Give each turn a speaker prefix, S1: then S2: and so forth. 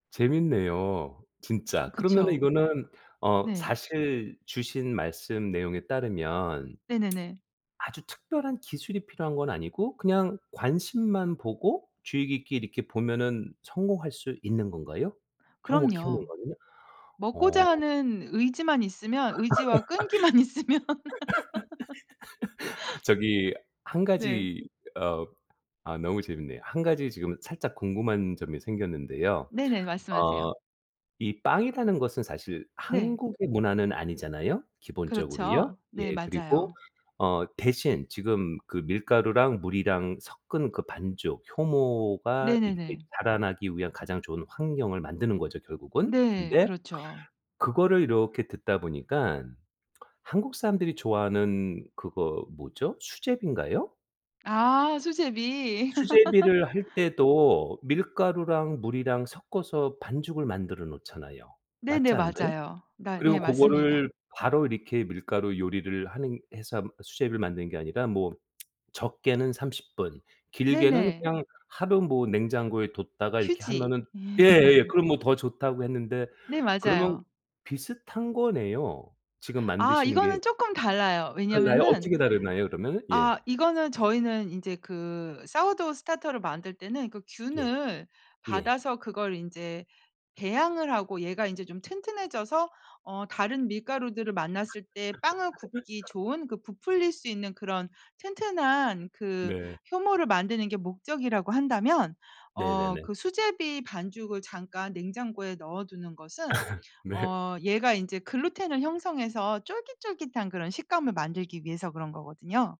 S1: 재밌네요. 진짜. 그러면
S2: 그쵸?
S1: 이거는 어
S2: 네.
S1: 사실 주신 말씀 내용에 따르면
S2: 네네네.
S1: 아주 특별한 기술이 필요한 건 아니고 그냥 관심만 보고 주의 깊게 이렇게 보면은 성공할 수 있는 건가요, 효모 키우는
S2: 그럼요.
S1: 거는요? 어.
S2: 먹고자 하는 의지만 있으면, 의지와 끈기만 있으면.
S1: 저기 1
S2: 네.
S1: 가지 어 아 너무 재밌네요. 1 가지 지금 살짝 궁금한 점이 생겼는데요.
S2: 네네,
S1: 어
S2: 말씀하세요.
S1: 이 빵이라는 것은 사실
S2: 네.
S1: 한국의 문화는 아니잖아요, 기본적으로요.
S2: 그렇죠. 네,
S1: 예, 그리고
S2: 맞아요.
S1: 어 대신 지금 그 밀가루랑 물이랑 섞은 그 반죽, 효모가 이렇게
S2: 네네네.
S1: 자라나기 위한 가장 좋은 환경을 만드는 거죠, 결국은.
S2: 네.
S1: 근데
S2: 그렇죠.
S1: 그거를 이렇게 듣다 보니깐 한국 사람들이 좋아하는 그거 뭐죠, 수제비인가요?
S2: 아. 수제비.
S1: 수제비를 할 때도 밀가루랑 물이랑 섞어서 반죽을 만들어 놓잖아요.
S2: 네네.
S1: 맞지 않나요?
S2: 맞아요. 마 네.
S1: 그리고 고거를
S2: 맞습니다.
S1: 바로 이렇게 밀가루 요리를 하는 해서 수제비를 만드는 게 아니라 뭐 적게는 30 분, 길게는
S2: 네네.
S1: 그냥 하루 뭐 냉장고에 뒀다가 이렇게
S2: 휴지.
S1: 하면은 예예. 그럼 뭐 더 좋다고 했는데
S2: 네.
S1: 그러면
S2: 맞아요.
S1: 비슷한 거네요, 지금
S2: 아,
S1: 만드시는 게.
S2: 이거는 조금 달라요.
S1: 달라요?
S2: 왜냐면은
S1: 어떻게 다르나요, 그러면은? 예.
S2: 아 이거는 저희는 인제 그 사워도우 스타터를 만들 때는 그
S1: 예.
S2: 균을
S1: 예.
S2: 받아서 그걸 인제 배양을 하고 얘가 인제 좀 튼튼해져서 어 다른 밀가루들을 만났을 때 빵을 굽기 좋은, 그 부풀릴 수 있는 그런 튼튼한 그
S1: 네.
S2: 효모를 만드는 게 목적이라고 한다면 어
S1: 네네네.
S2: 그 수제비 반죽을 잠깐 냉장고에 넣어두는 것은
S1: 네.
S2: 어 얘가 인제 글루텐을 형성해서 쫄깃쫄깃한 그런 식감을 만들기 위해서 그런 거거든요.